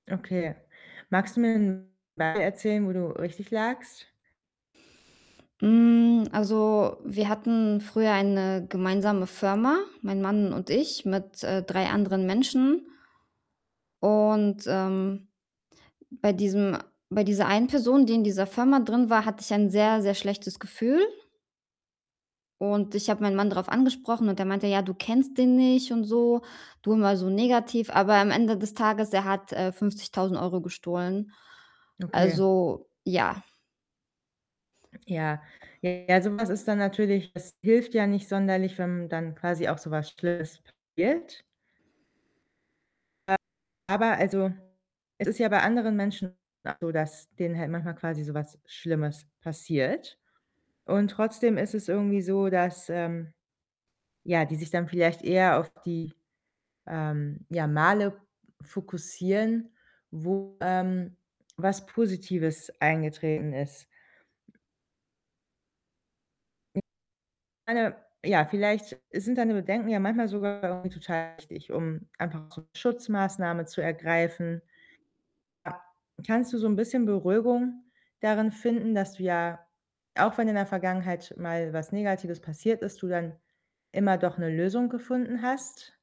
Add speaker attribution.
Speaker 1: Okay. Magst du mir 'n Beispiel erzählen, wo du richtig lagst?
Speaker 2: Hm, also, wir hatten früher eine gemeinsame Firma, mein Mann und ich mit, äh, 3 anderen Menschen. Und, ähm, bei diesem bei dieser einen Person, die in dieser Firma drin war, hatte ich ein sehr, sehr schlechtes Gefühl und ich habe meinen Mann darauf angesprochen und der meinte: „Ja, du kennst den nicht und so, du immer so negativ.“ Aber am Ende des Tages er hat, äh, 50.000 € gestohlen.
Speaker 1: Okay.
Speaker 2: Also ja.
Speaker 1: Ja, ja, so was ist dann natürlich es hilft ja nicht sonderlich, wenn dann quasi auch so was schlimmes passiert. Äh, aber also es ist ja bei anderen Menschen auch so, dass denen halt manchmal quasi so was schlimmes passiert, und trotzdem ist es irgendwie so, dass, ähm, ja, die sich dann vielleicht eher auf die, ähm, ja Male fokussieren, wo, ähm, was Positives eingetreten ist. Hm, [unintelligible] meine, ja, vielleicht sind deine Bedenken ja manchmal sogar irgendwie total wichtig, um einfach auch so 'ne Schutzmaßnahme zu ergreifen. A kannst du so 'n bisschen Beruhigung darin finden, dass du ja, auch wenn in der Vergangenheit mal was Negatives passiert ist, du dann immer doch 'ne Lösung gefunden hast?